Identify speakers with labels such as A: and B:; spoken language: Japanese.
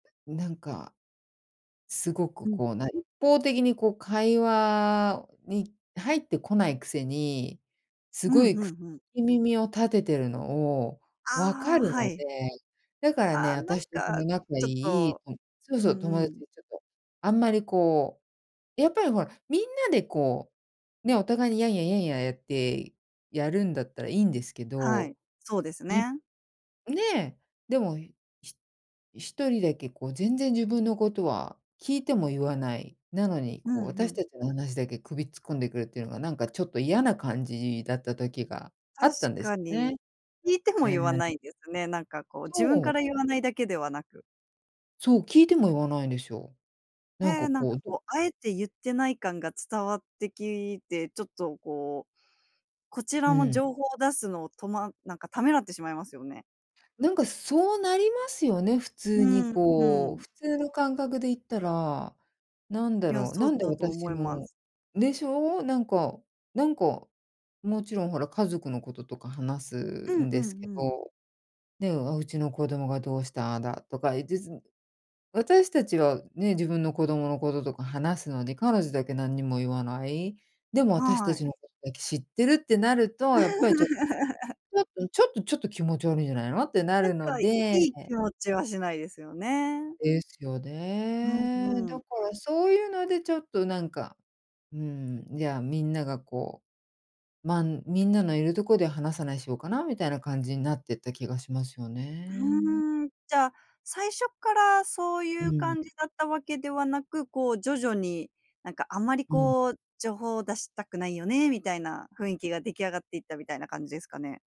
A: なんか、すご
B: う
A: く、
B: ん。
A: こう、な一方的に、こう、会話に入ってこないくせに、す
B: うん
A: ご
B: う
A: いく聞
B: んうん。
A: き耳を立てているのを、分か
B: ああ、
A: る
B: は
A: の
B: い。
A: で、だから
B: あ
A: ね、
B: あ、なん
A: 私とそ
B: か、
A: の仲がい
B: ちょっ
A: い
B: と、
A: そ、そう
B: う
A: そう、
B: ん
A: 友
B: う
A: 達
B: ん。
A: とちょっと、あんまりこうやっぱりほら、みんなで、こう、ね、お互いにヤンヤ、ヤンヤやってやるんだったらいいんですけ
B: はい、
A: ど、
B: そうです
A: い
B: ね。
A: ね、でも、ひ1人だけこう、全然自分のことは、聞いても言わない、なのに、
B: う
A: こ
B: ん
A: う、
B: う
A: 私
B: ん。
A: たちの話だけ首突っ込んでくるっていうのがなんかちょっと嫌な感じだった時が、あ
B: 確
A: ったんです
B: か
A: よ
B: に。
A: ね。
B: 聞いても
A: うー
B: 言わな
A: ん。
B: いんですね。なんか、こう、自分
A: そ
B: か
A: う。
B: ら言わないだけではなく。
A: そう、聞いても言わないんですよ。なん
B: へ
A: か
B: え、なんか、
A: こう
B: こう、あえて言ってない感が伝わってきて、ちょっと、こう、こち
A: う
B: らの
A: ん。
B: 情報を出すのをとまなんかためらってしまいますよね。
A: なんか、そうなりますよね、普通
B: う
A: に、
B: ん、う
A: こう、
B: ん。
A: 普通の感覚で言ったら、なんだ
B: いや、
A: ろう、
B: そう
A: なんで
B: だと思
A: 私
B: います。
A: のでしょう？なんかなんか、もちろん、ほら、家族のこととか話す
B: うん、
A: ん
B: うん
A: ですけ
B: うん。
A: ど、ね、うちの子供がどうしたああだとか言いつつ、私たちはね、自分の子供のこととか話すのに、彼女だけ何にも言わない、でも私た
B: はい。
A: ちのことだけ知ってるってなると、やっぱりちょっ ちょっとちょっとちょっと気持ち悪いんじゃないの？ってな
B: なん
A: るの
B: か、い
A: で
B: い気持ちは、しないですよね。
A: ですよ
B: うん
A: ね。
B: う
A: だ
B: ん。
A: から、そういうので、ちょっと、なんか、うん、じゃあ、みんなが、こうま、みんなのいるとこで話さないしようかなみたいな感じになってた気がしますよ
B: ふ
A: ね。
B: ーん。じゃあ、最初からそう
A: う
B: いう
A: ん。
B: 感じだったわけではなく、こう、徐々に、なんか、あまり、
A: うん。
B: こう、「情報を出したくないよね」、みたいな雰囲気が出来上がっていったみたいな感じですかね？